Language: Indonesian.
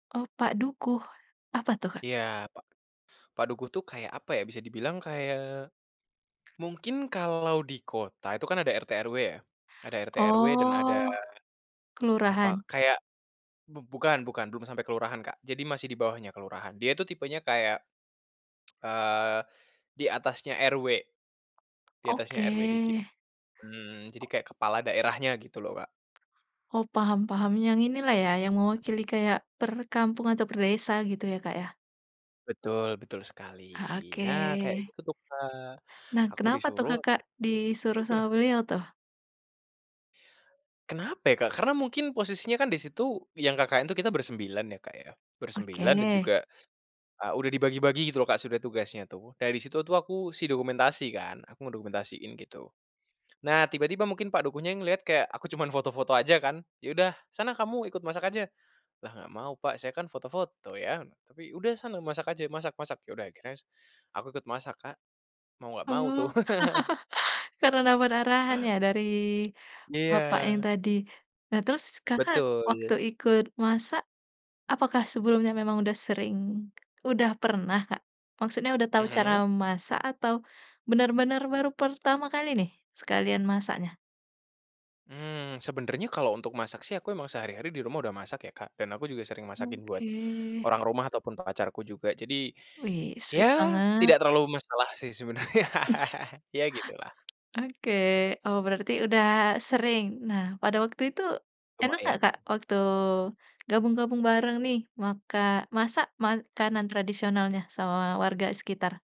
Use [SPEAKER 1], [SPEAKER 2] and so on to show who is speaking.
[SPEAKER 1] Oh, Pak Dukuh? Apa tuh, Kak?
[SPEAKER 2] Iya, pak pak Dukuh tuh kayak apa ya, bisa dibilang kayak mungkin kalau di kota itu kan ada RT/RW ya. Ada RT/RW dan ada,
[SPEAKER 1] Oh,
[SPEAKER 2] apa,
[SPEAKER 1] kelurahan.
[SPEAKER 2] kayak bu bukan bukan, belum sampai kelurahan, Kak. Jadi masih di bawahnya kelurahan. Dia itu tipenya kayak eee, di atasnya RW di atasnya
[SPEAKER 1] Oke.
[SPEAKER 2] RW dikit, mmm, jadi
[SPEAKER 1] Oh.
[SPEAKER 2] kayak kepala daerahnya gitu loh, Kak.
[SPEAKER 1] Oh, paham paham yang inilah ya, yang
[SPEAKER 2] Mhm.
[SPEAKER 1] mewakili kayak perkampung atau perdesa gitu ya, Kak, ya.
[SPEAKER 2] Betul betul sekali,
[SPEAKER 1] Ah,
[SPEAKER 2] nah kayak
[SPEAKER 1] Oke.
[SPEAKER 2] gitu tuh, Kak.
[SPEAKER 1] Nah,
[SPEAKER 2] Aku
[SPEAKER 1] kenapa tuh
[SPEAKER 2] disuruh apa
[SPEAKER 1] Kakak
[SPEAKER 2] di
[SPEAKER 1] disuruh sama beliau tuh?
[SPEAKER 2] Kenapa ya, Kak? Karena mungkin posisinya kan di situ yang KKN itu kita bersembilan ya, Kak ya. Bersembilan, dan
[SPEAKER 1] Oke.
[SPEAKER 2] juga, ah, udah dibagi-bagi gitu loh, Kak, sudah tugasnya tuh. Dari situ tuh aku si dokumentasi kan, aku mendokumentasin gitu. Nah tiba-tiba mungkin Pak Dukuhnya yang ngelihat kayak aku cuman foto-foto aja kan, “Ya udah sana kamu ikut masak aja.” "Lah nggak mau, Pak. Saya kan foto-foto ya". Tapi, “Udah sana masak aja, masak masak.” Ya udah, akhirnya s aku ikut masak, Kak. Mau
[SPEAKER 1] Oh,
[SPEAKER 2] nggak mau tuh.
[SPEAKER 1] karena dapet arahan ya dari bapak yang
[SPEAKER 2] Iya.
[SPEAKER 1] tadi. Nah terus Kakak
[SPEAKER 2] Betul.
[SPEAKER 1] waktu ikut masak, apakah sebelumnya memang udah sering? Udah pernah, Kak? Maksudnya udah tahu cara
[SPEAKER 2] Mhm.
[SPEAKER 1] masak atau benar-benar baru pertama kali nih, sekalian masaknya?
[SPEAKER 2] Mmm, sebenarnya kalau untuk masak sih aku emang sehari-hari di rumah udah masak ya, Kak, dan aku juga sering masakin buat
[SPEAKER 1] Oke.
[SPEAKER 2] orang rumah ataupun pacarku juga. Jadi,
[SPEAKER 1] Wih,
[SPEAKER 2] ya
[SPEAKER 1] sweet banget.
[SPEAKER 2] tidak terlalu masalah sih sebenarnya
[SPEAKER 1] Iya.
[SPEAKER 2] ya gitulah.
[SPEAKER 1] Oke. Oh, berarti udah sering. Nah, pada waktu itu enak nggak
[SPEAKER 2] Lumayan.
[SPEAKER 1] Kak waktu gabung gabung bareng nih. Maka masak makanan tradisionalnya, sama warga sekitar.